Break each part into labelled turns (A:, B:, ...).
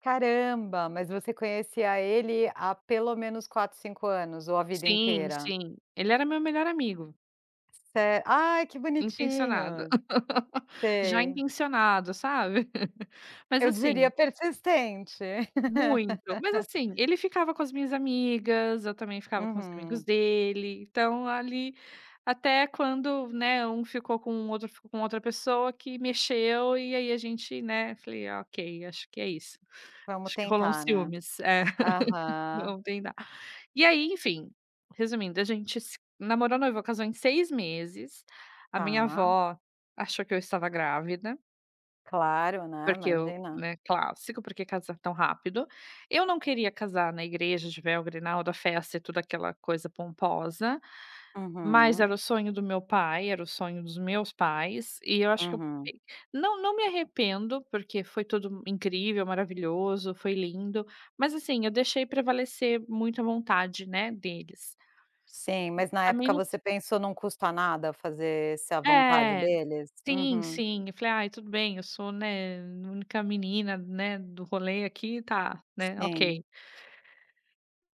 A: Caramba, mas você conhecia ele há pelo menos 4, 5 anos, ou a vida
B: Sim,
A: inteira?
B: sim. Ele era meu melhor amigo.
A: Ce ai, que
B: Intencionada.
A: bonitinhos.
B: Já
A: Sei.
B: intencionado, sabe. Mas
A: Eu diria
B: assim
A: persistente.
B: Muito, mas assim, ele ficava com as minhas amigas, eu também ficava com os amigos
A: Uhum.
B: dele, então ali, até quando, né, um ficou com o outro, ficou com outra pessoa que mexeu, e aí a gente, né, falei: "Ok, acho que é isso.
A: Vamos
B: Acho que rolou um
A: tentar, né.
B: ciúmes". É.
A: Aham.
B: Ontem dá. E aí, enfim, resumindo, a gente se namorou, noivou, casou em 6 meses. A minha
A: Tá.
B: vó achou que eu estava grávida.
A: Claro, né,
B: Porque eu,
A: Imagina.
B: né, clássico, "Por que casar tão rápido?". Eu não queria casar na igreja de véu, grinalda, festa e toda aquela coisa pomposa, mas
A: Uhum.
B: era o sonho do meu pai, era o sonho dos meus pais, e eu acho que eu
A: Uhum.
B: [unintelligible] não não me arrependo, porque foi tudo m incrível, maravilhoso, foi lindo. Mas assim, eu deixei prevalecer muito a vontade, né, deles.
A: Sim, mas na
B: A
A: época você
B: mente
A: pensou: "Não custa nada fazer-se a vontade
B: É.
A: deles?".
B: Sim,
A: Uhum.
B: sim. Eu falei: "Ai, tudo bem, eu sou, né, a única menina, né, do rolê aqui. Tá, né, ok".
A: Sim.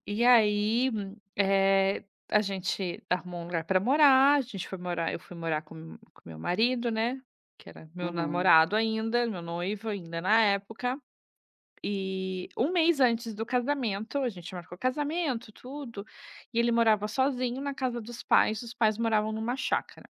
B: E aí, eh, a gente arrumou um lugar para morar, a gente foi morar eu fui morar com m com meu marido, né, que era meu
A: Uhum.
B: namorado ainda, meu noivo ainda, na época. E 1 mês antes do casamento, a gente marcou casamento, tudo, e ele morava sozinho na casa dos pais, os pais moravam em uma chácara.